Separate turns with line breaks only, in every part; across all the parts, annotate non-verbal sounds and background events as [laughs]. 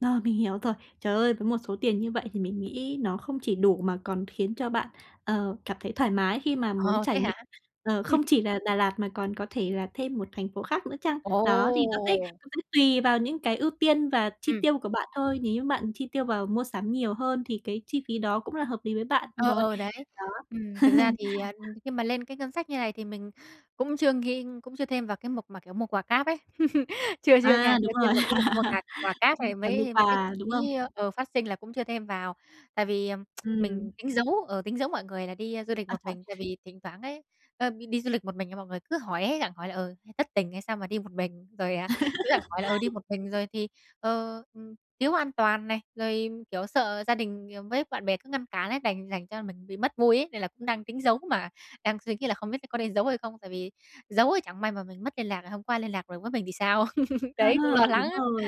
Rồi, mình hiểu rồi. Trời ơi, với một số tiền như vậy thì mình nghĩ nó không chỉ đủ mà còn khiến cho bạn, ờ, cảm thấy thoải mái khi mà muốn
Ờ,
trải
thế
nghiệm,
hả?
ờ, không
[chuckles]
chỉ là Đà Lạt mà còn có thể là thêm một thành phố khác nữa chăng? Đó, thì nó té
Ồ!
cũng tùy vào những cái ưu tiên và chi
Ừm.
tiêu của bạn thôi, nếu như bạn chi tiêu vào mua sắm nhiều hơn thì cái chi phí đó cũng là hợp lý với bạn
Ờ,
rồi.
ờ, đấy.
Đó.
Ừm, thực ra
[chuckles]
thì, à, khi mà lên cái ngân sách như này thì mình cũng chưa ghi cũng chưa thêm vào cái mục mà, kiểu, mua quà cáp ấy, [chuckles] chưa chưa nha,
A,
chưa
đúng
thêm
rồi.
vào cái mục mua
[laughs]
cạc quà cáp này
Đòi mua
mấy mấy cái
quà,
chi
đúng
phí,
không?
ơ, ờ, phát sinh là cũng chưa thêm vào. Tại vì, ờ, [tsk]
Ừm.
mình tính giấu, ờ, tính giấu mọi người là đi du lịch
A,
một
chuẩn.
mình, tại vì thỉnh thoảng ấy, ơ, đi du lịch một mình mọi người cứ hỏi ấy, gặng hỏi là, ừ, "Thất tình hay sao mà đi một mình?", rồi, à, cứ gặng hỏi là, ừ, "đi một mình rồi thì, ờ, ừm, thiếu an toàn này", rồi, kiểu, sợ gia đình với bạn bè cứ ngăn cản ấy, đành thành ra là mình bị mất vui ấy, nên là cũng đang tính giấu mà đang suy nghĩ là không biết có nên giấu hay không. Tại vì giấu ấy chẳng may mà mình mất liên lạc, không có ai liên lạc rồi với mình thì sao. [chuckles]
À,
Đấy, cũng lo lắng
đúng
á.
rồi,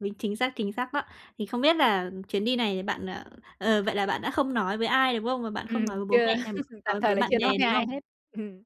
vính chính xác, chính xác đó. Thì không biết là chuyến đi này bạn, ờ ờ, vậy là bạn đã không nói với ai, đúng không? Và bạn
Ừm,
không nói với bố
chưa,
mẹ nằm
[chuckles] tạm
nói
thời
với
là
bạn
chưa
bè,
nói với
đúng
ai
không?
hết. Ừm,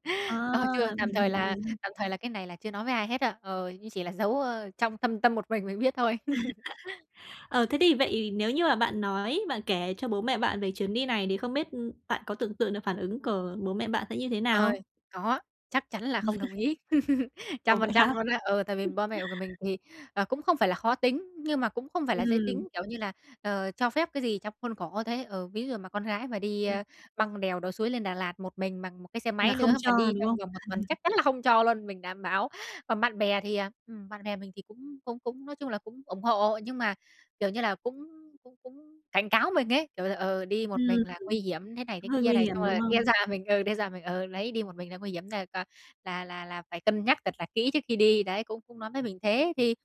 ờ, chưa,
À!
tạm
Mình
thời
hiểu
là
rồi nha.
tạm thời là cái này là chưa nói với ai hết á, ờ, nhưng chỉ là giấu, ơ, trong thâm tâm một mình mình biết thôi. [chuckles]
[chuckles] Ờ, thế thì vậy nếu như mà bạn nói, bạn kể cho bố mẹ bạn về chuyến đi này thì không biết, ưm, bạn có tưởng tượng được phản ứng của bố mẹ bạn sẽ như thế nào
Ờ,
không?
có, chắc chắn là không đồng ý,
[unintelligible]
[laughs]
Ồ,
trăm
vậy
phần
hả?
trăm luôn á. Ừ, tại vì
[chuckles]
ba mẹ của mình thì, à, cũng không phải là khó tính, nhưng mà cũng không phải là dễ
Ừm.
tính, kiểu như là, ờ, cho phép cái gì trong khuôn khổ thôi ấy. Ừ, ví dụ mà con gái mà đi,
Ừm.
ơ, băng đèo lội suối lên Đà Lạt một mình bằng một cái xe
Là
máy
không
nữa
cho,
mà đi
đúng
trong
không?
vòng một tuần
[chuckles]
chắc chắn là không cho luôn, mình đảm bảo. Còn bạn bè thì, à, ừm, bạn bè mình thì cũng cũng cũng nói chung là cũng ủng hộ, nhưng mà, kiểu như là, cũng cũng cũng cảnh cáo mình ấy, kiểu là, ờ, đi một
Ừm,
mình là nguy hiểm thế này thế
đúng, hơi
kia
nguy
này,
hiểm,
xong
đúng
rồi
không?
đe doạ mình ừ, đe doạ mình, ừ, đấy, đi một mình là nguy hiểm, [unintelligible] là là là phải cân nhắc thật là kỹ trước khi đi, đấy, cũng cũng nói với mình thế. Thì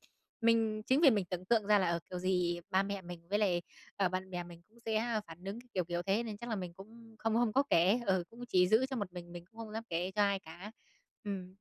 mình chính vì mình tưởng tượng ra là, ờ, kiểu gì ba mẹ mình với lại, ờ, bạn bè mình cũng sẽ phản nứng kiểu kiểu thế, nên chắc là mình cũng không không có kể, ừ, cũng chỉ giữ cho một mình mình cũng không dám kể cho ai cả. Ừm.